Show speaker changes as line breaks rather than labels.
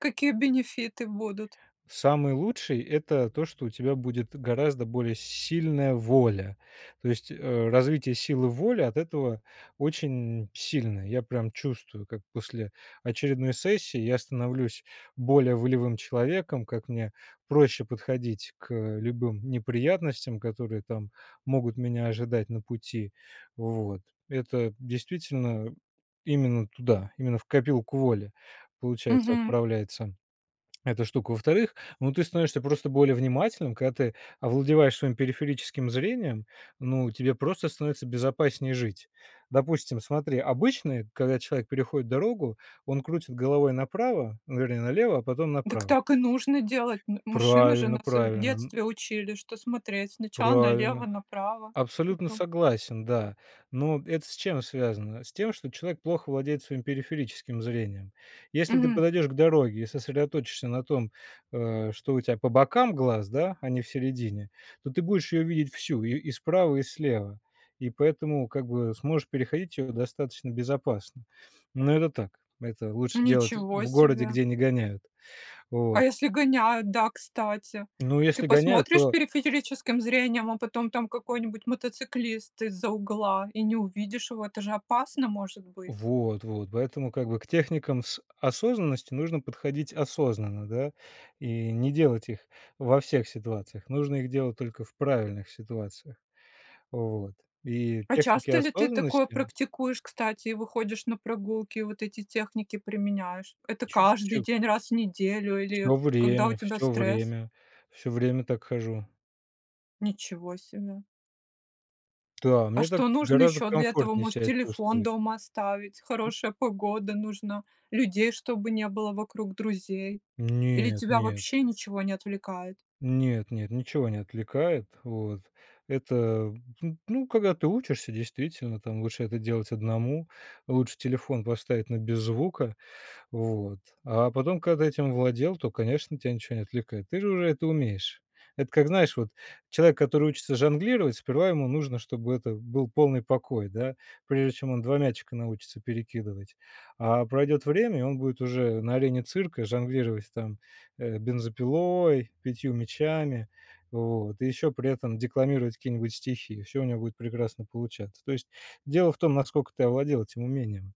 Какие бенефиты будут?
Самый лучший- это то, что у тебя будет гораздо более сильная воля. То есть, э, развитие силы воли от этого очень сильное. Я прям чувствую, как после очередной сессии я становлюсь более волевым человеком, как мне проще подходить к любым неприятностям, которые там могут меня ожидать на пути. Вот, это действительно именно туда, именно в копилку воли, получается,
Мгм.
отправляется эта штука. Во-вторых, ну, ты становишься просто более внимательным; когда ты овладеваешь своим периферическим зрением, ну, тебе просто становится безопаснее жить. Допустим, смотри: обычно и когда человек переходит дорогу, он крутит головой направо, ну, вернее, налево, а потом
Дак
направо.
так и нужно делать. Н машины же
Правильно
нас, э, в
правильно н
детстве учили, что смотреть сначала
Правильно.
налево-направо
Абсолютно
потом
согласен, да. Но это с чем связано? С тем, что человек плохо владеет своим периферическим зрением. Если ты
Мгм.
подойдешь к дороге и сосредоточишься на том, э, что у тя по бокам глаз, да, а не в середине, то ты будешь ее видеть всю: и и справа, и слева. И поэтому, как бы, сможешь переходить ее достаточно безопасно. Но это так. Это лучше делать
Ничего
в городе,
себе!
где не гоняют. Вот.
А если гоняют, да, кстати?
Ну,
Ты
если гоняют,
посмотришь
то
периферическим зрением, а потом там какой-нибудь мотоциклист из-за угла, и не увидишь его, это же опасно может быть.
Вот вот, поэтому, как бы, к техникам с осознанности нужно подходить осознанно, да, и не делать их во всех ситуациях, нужно их делать только в правильных ситуациях. Вот. И
А
техники
часто ли ты такое
осознанности
практикуешь, кстати? И выходишь на прогулки, и вот эти техники применяешь? Это каждый
Чуть-чу
день, раз в неделю или
Всё
когда у
время
тебя
всё
стресс?
время всё время так хожу.
Ничего себе.
Та,
А
мне так
что нужно
гораздо
ещё для этого?
комфортнее
Может,
ся
телефон
чувствовать.
дома оставить?
М.
Хорошая погода нужна, людей чтобы не было вокруг, друзей? Или
Нет
тебя
нет.
вообще ничего не отвлекает?
Нет нет, ничего не отвлекает. Вот, это, м, ну ну когда ты учишься, действительно, там, лучше это делать 1 лучше телефон поставить на без звука. Вот, а потом, когда этим владел, то, конечно, тя ничего не отвлекает, ты же уже это умеешь. Это как, знаешь, вот человек, который учится жонглировать, сперва ему нужно, чтобы это был полный покой, да, прежде чем он 2 мячика научится перекидывать. А пройдет время, и он будет уже на арене цирка жонглировать там, э, бензопилой, 5 мячами, вот, и еще при этом декламировать какие-нибудь стихи. Всё у него будет прекрасно получаться. То есть дело в том, наскока ты овладел этим умением.